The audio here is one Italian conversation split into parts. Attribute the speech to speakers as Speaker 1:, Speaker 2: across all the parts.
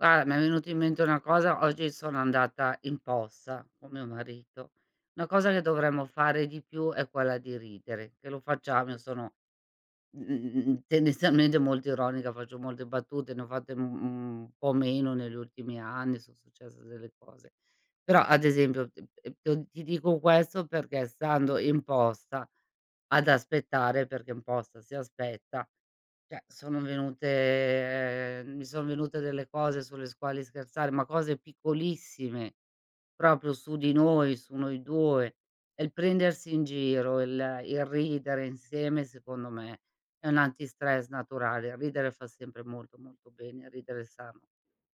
Speaker 1: Guar mi è venuto in mente una cosa: oggi sono andata in posta con mio marito. Una cosa che dovremmo fare di più è quella di ridere, che lo facciamo, io sono, mh-mh, mh-mh, tendenzialmente molto ironica, faccio molte battute, ne ho fatte u un po' meno negli ultimi anni, son successe delle cose. Però, ad esempio, ehm, ehm, t ti dico questo perché, stando in posta ad aspettare, perché in posta si aspetta, cioè, sono venute mi son venute delle cose sulle s quali scherzare, ma cose piccolissime, proprio su di noi, su noi 2, e il prendersi in giro, il il ridere insieme, secondo me, è un antistress naturale. Ridere fa sempre molto, molto bene, ridere è sano,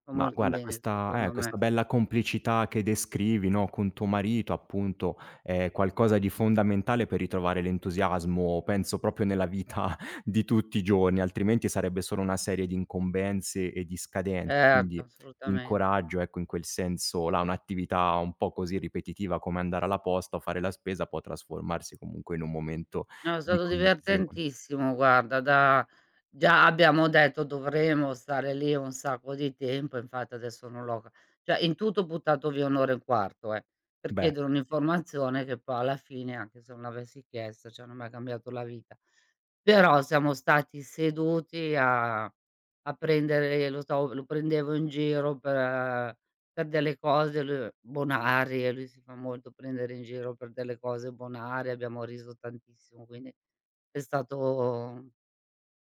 Speaker 1: fa
Speaker 2: Ma
Speaker 1: molto
Speaker 2: guarda
Speaker 1: bene,
Speaker 2: questa eh,
Speaker 1: secondo me.
Speaker 2: questa bella complicità che descrivi, no, con tuo marito, appunto, è qualcosa di fondamentale per ritrovare l'entusiasmo, penso, proprio, nella vita di tutti i giorni. Altrimenti, sarebbe solo una serie di incombenze e di scadenze.
Speaker 1: Certo,
Speaker 2: Quindi, ti
Speaker 1: assolutamente.
Speaker 2: incoraggio, ecco, in quel senso là: un'attività un po' così ripetitiva, come andare alla posta o fare la spesa, può trasformarsi, comunque, in un momento
Speaker 1: No, è
Speaker 2: di
Speaker 1: stato
Speaker 2: condivisione.
Speaker 1: divertentissimo, guarda. Da già abbiamo detto: “Dovremo stare lì un sacco di tempo”. Infatti, adesso, non l'ho c cioè, in tutto, ho buttato via 1 e 1/4 eh, per
Speaker 2: Beh.
Speaker 1: chiedere un'informazione che, po alla fine, anche se non l'avessi chiesta, cioè, non mi ha cambiato la vita. Però, siamo stati seduti a a prendere lo so, lo prendevo in giro per per delle cose lui bonarie. Lui si fa molto prendere in giro per delle cose bonarie. Abbiamo riso tantissimo, quindi è stato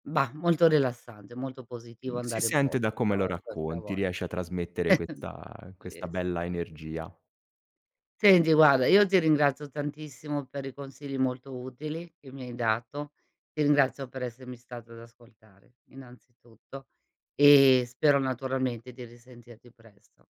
Speaker 1: bah, molto rilassante, molto
Speaker 2: Mh,
Speaker 1: positivo
Speaker 2: si
Speaker 1: andare in
Speaker 2: sente da
Speaker 1: posta 'sta
Speaker 2: come lo
Speaker 1: questa
Speaker 2: racconti, riesce
Speaker 1: volta.
Speaker 2: a trasmettere questa questa
Speaker 1: Ries
Speaker 2: bella energia.
Speaker 1: Senti, guarda, io ti ringrazio tantissimo per i consigli molto utili che mi hai dato. Ti ringrazio per essermi stato ad ascoltare, innanzitutto, e spero, naturalmente, di risentirti presto.